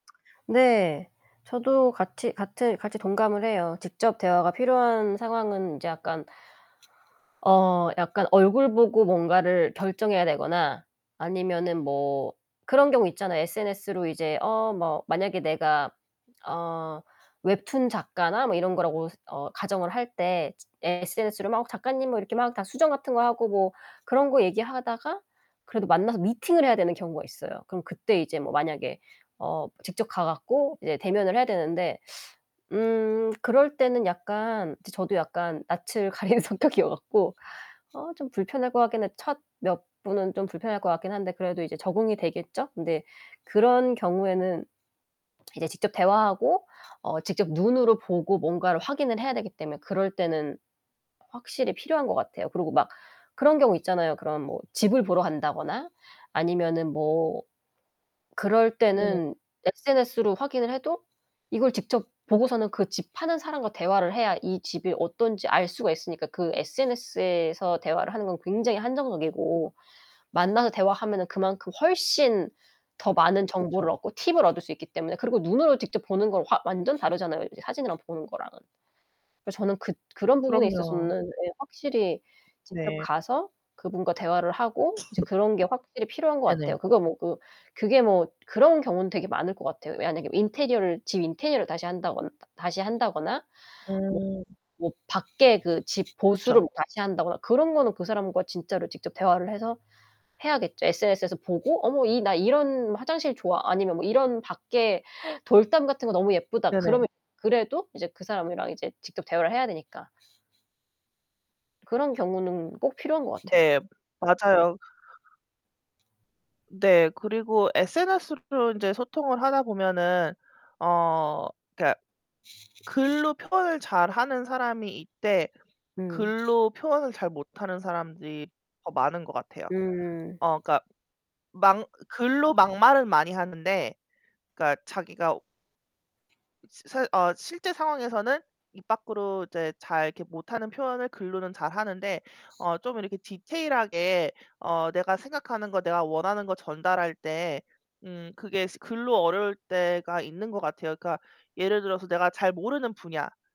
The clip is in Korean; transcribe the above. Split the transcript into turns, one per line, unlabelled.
네, 저도 같이 같은 같이 동감을 해요. 직접 대화가 필요한 상황은 인제 약간 어 약간 얼굴 보고 뭔가를 결정해야 되거나 아니면은 뭐 그런 경우 있잖아요. SNS로 이제 어 뭐 만약에 내가 어 웹툰 작가나 뭐 이런 거라고서 어 가정을 할 때 SNS로 막 작가님 뭐 이렇게 막 다 수정 같은 거 하고 뭐 그런 거 얘기하다가 그래도 만나서 미팅을 해야 되는 경우가 있어요. 그럼 그때 이제 뭐 만약에 어 직접 가 갖고 이제 대면을 해야 되는데 음 그럴 때는 약간 저 저도 약간 낯을 가리는 성격이어 갖고 어 좀 불편할 것 같긴 해. 첫 몇 분은 좀 불편할 것 같긴 한데 그래도 이제 적응이 되겠죠? 근데 그런 경우에는 이제 직접 대화하고 어 직접 눈으로 보고 뭔가를 확인을 해야 되기 때문에 그럴 때는 확실히 필요한 것 같아요. 그리고 막 그런 경우 있잖아요. 그런 뭐 집을 보러 간다거나 아니면은 뭐 그럴
네네.
때는 SNS로 확인을 해도 이걸 직접 보고서는 그 집 파는 사람과 대화를 해야 이 집이 어떤지 알 수가 있으니까 그 SNS에서 대화를 하는 건 굉장히 한정적이고 만나서 대화하면은 그만큼 훨씬 더 많은 정보를
그쵸.
얻고 팁을 얻을 수 있기 때문에 그리고 눈으로 직접 보는 건 확 완전 다르잖아요. 이제 사진이랑 보는 거랑은. 그래서 저는 그 그런 부분에
그럼요.
있어서는 예 확실히 직접
네.
가서 그분과 대화를 하고 이제 그런 게 확실히 필요한 것 같아요.
네네.
그거 뭐 그 그게 뭐 그런 경우는 되게 많을 것 같아요. 만약에 인테리어를 집 인테리어를 다시 한다거 다시 한다거나 뭐
음.
뭐 밖에 그 집 보수를
그쵸.
뭐 다시 한다거나 그런 거는 그 사람과 진짜로 직접 대화를 해서 해야겠죠. SNS에서 보고 '어머 이 나 이런 화장실 좋아.' 아니면 '이런 밖에 돌담 같은 거 너무 예쁘다.' 그러면
네네.
그래도 이제 그 사람이랑 이제 직접 대화를 해야 되니까. 그런 경우는 꼭 필요한 것 같아요.
네. 맞아요. 네. 그리고 SNS로 이제 소통을 하다 보면은 어 그러니까 글로 표현을 잘하는 사람이 있되,
음.
글로 표현을 잘 못하는 사람들이 더 많은 것 같아요.
음.
어 그러니까 막 글로 막말을 많이 하는데 그러니까 자기가 스 사실 어 실제 상황에서는 입 밖으로 이제 잘 이렇게 못 하는 표현을 글로는 잘하는데, 어 좀 이렇게 디테일하게 어 내가 생각하는 것, 내가 원하는 것 전달할 때 음 그게 스 글로 어려울 때가 있는 것 같아요. 그러니까 예를 들어서 내가 잘 모르는 분야.